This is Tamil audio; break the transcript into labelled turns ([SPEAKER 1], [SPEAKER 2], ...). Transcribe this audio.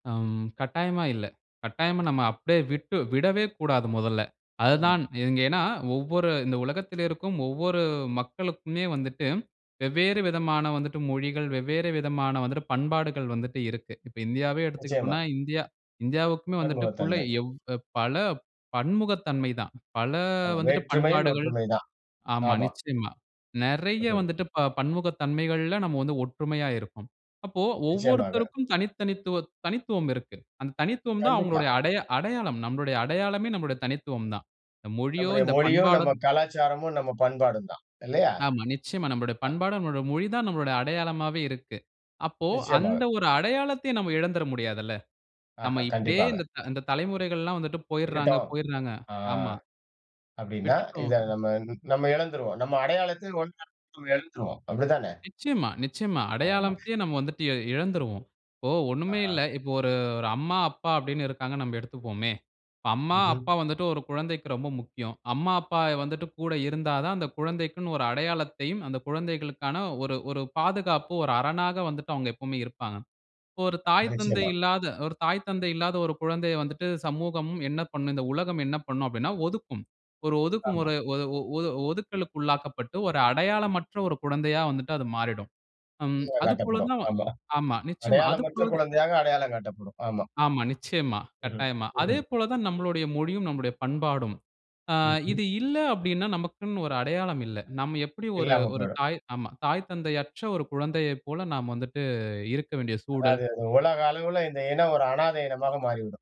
[SPEAKER 1] ஆம் கட்டாயமா இல்ல, கட்டாயமா நம்ப அப்டியே விட்டு விடவே கூடாது மொதல,
[SPEAKER 2] ஆமா.
[SPEAKER 1] அதுதான் இங்க ஏன்னா, ஒவ்வொரு இந்த உலகத்துல இருக்கும் ஒவ்வொரு மக்களுக்குமே வந்துட்டு, வெவ்வேறு விதமான வந்துட்டு மொழிகள், வெவ்வேறு விதமான வந்துட்டு பண்பாடுகள் வந்துட்டு இருக்கு, இப்போ இந்தியாவே
[SPEAKER 2] நிச்சயமா.
[SPEAKER 1] எடுத்துக்கிட்டோம்னா, இந்தியா இந்தியாவுக்குமே வந்துட்டுக்குள்ள
[SPEAKER 2] பன்முகத்தன்மை.
[SPEAKER 1] எவ் பல பன்முகத்தன்மை தான், பல
[SPEAKER 2] ஆமா.
[SPEAKER 1] வந்துட்டு
[SPEAKER 2] வேற்றுமையில்
[SPEAKER 1] பண்பாடுகள்,
[SPEAKER 2] ஒற்றுமை தான்.
[SPEAKER 1] ஆமா
[SPEAKER 2] ஆமா.
[SPEAKER 1] நிச்சயமா. நெறைய
[SPEAKER 2] [unintelligible]
[SPEAKER 1] வந்துட்டு ப பன்முகத்தன்மைகள்ல நம்ப வந்து ஒற்றுமையா இருக்கோம், அப்ப
[SPEAKER 2] நிச்சயமாக.
[SPEAKER 1] ஒவ்வொருத்தருக்கும் தனி தனித்துவ தனித்துவம் இருக்கு, அந்த தனித்துவம் தான்
[SPEAKER 2] கண்டிப்பா.
[SPEAKER 1] அவங்களுடைய அடைய அடையாளம், நம்பளுடைய அடையாளமே நம்பளுடைய தனித்துவம் தான். இந்த மொழியோ,
[SPEAKER 2] நம்முடைய
[SPEAKER 1] இந்த
[SPEAKER 2] மொழியும்,
[SPEAKER 1] பண்பாடோ
[SPEAKER 2] நம்ப கலாச்சாரமும், நம்ப பண்பாடும் தான் இல்லயா?
[SPEAKER 1] ஆமா நிச்சயமா, நம்பளோட
[SPEAKER 2] ஆ.
[SPEAKER 1] பண்பாடு, நம்பளோட மொழி தான், நம்பளோட அடையாளமாவே இருக்கு, அப்போ
[SPEAKER 2] நிச்சயமாக.
[SPEAKER 1] அந்த ஒரு அடையாளத்தையும் நம்ப இழந்துட முடியாதுல! நம்ப
[SPEAKER 2] ஆஹ
[SPEAKER 1] இப்படியே
[SPEAKER 2] கண்டிப்பாக.
[SPEAKER 1] இந்தத்-இந்த தலைமுறைகள் எல்லாம் வந்துட்டு போயிறாங்க
[SPEAKER 2] விட்டுட்டோம்
[SPEAKER 1] போயிறாங்க,
[SPEAKER 2] ஆ.
[SPEAKER 1] ஆமா.
[SPEAKER 2] அப்டீன்னா,
[SPEAKER 1] விட்டுட்டோம்.
[SPEAKER 2] இத நம்பந் நம்ப இழந்துருவோம், நம்ப அடையாளத்தில் ஒன்ற நம்ப இழந்துருவோம், அப்படி தான?
[SPEAKER 1] நிச்சயமா நிச்சயமா,
[SPEAKER 2] ஆமா.
[SPEAKER 1] அடையாளம்த்தையே நம்ப வந்துட்டு இ இழந்துருவோம், இப்போ ஒண்ணுமே
[SPEAKER 2] ஆஹ.
[SPEAKER 1] இல்ல, இப்போ ஒரு ஒரு அம்மா, அப்பா அப்டினு இருக்கிறாங்கனு நம்ப எடுத்துக்குவோமே, இப்போ அம்மா,
[SPEAKER 2] ம்ஹ்ம்.
[SPEAKER 1] அப்பா வந்துட்டு ஒரு குழந்தைக்கு ரொம்ப முக்கியம், அம்மா, அப்பா வந்துட்டு கூட இருந்தா தான் அந்த குழந்தைக்குனு ஒரு அடையாளத்தையும், அந்த குழந்தைகளுக்கான ஒரு ஒரு பாதுகாப்பு ஒரு அரணாக வந்துட்டு அவங்க எப்பவுமே இருப்பாங்க, இப்ப ஒரு
[SPEAKER 2] ம்
[SPEAKER 1] தாய், தந்தை
[SPEAKER 2] நிச்சயமா.
[SPEAKER 1] இல்லாத ஒரு தாய், தந்தை இல்லாத ஒரு குழந்தைய வந்துட்டு சமூகம் என்ன பண்ணும்? இந்த உலகம் என்ன பண்ணும்? அப்டினா ஒதுக்கும், ஒரு
[SPEAKER 2] ஆமா.
[SPEAKER 1] ஒதுக்குமுறை ஒ ஒ ஒது ஒதுக்கலுக்கு உள்ளாக்கப்பட்டு, ஒரு அடையாளமற்ற ஒரு குழந்தையா வந்துட்டு அது மாறிடும். ம்
[SPEAKER 2] [unintelligible]
[SPEAKER 1] அது போல
[SPEAKER 2] காட்டப்படும்
[SPEAKER 1] தான்
[SPEAKER 2] ஆமா,
[SPEAKER 1] ஆமா நிச்சயமா, அது
[SPEAKER 2] அடையாளமற்ற
[SPEAKER 1] போல தா
[SPEAKER 2] குழந்தையாக அடையாளம் காட்டப்படும் ஆமா.
[SPEAKER 1] ஆமா நிச்சயமா,
[SPEAKER 2] ம்ஹ்ம்,
[SPEAKER 1] கட்டாயமா, அதே
[SPEAKER 2] ம்ஹ்ம்,
[SPEAKER 1] போல தான்
[SPEAKER 2] ம்.
[SPEAKER 1] நம்பளோடய மொழியும், நம்பளோட பண்பாடும், ஆங்
[SPEAKER 2] ம்ஹ்ம்.
[SPEAKER 1] இது இல்ல அப்டினா, நமக்குனு ஒரு அடையாளம் இல்ல, நம்ப எப்டி ஒரு
[SPEAKER 2] இல்லாம
[SPEAKER 1] ஒரு
[SPEAKER 2] போயிடும்.
[SPEAKER 1] தாய் ஆமா. தாய், தந்தை அற்ற ஒரு குழந்தையைப் போல நம்ப வந்துட்டு இருக்க வேண்டிய சூழல்.
[SPEAKER 2] அதாவது அது உலக அளவுல, இந்த இனம் ஒரு அனாத இனமாக மாறிவிடும்.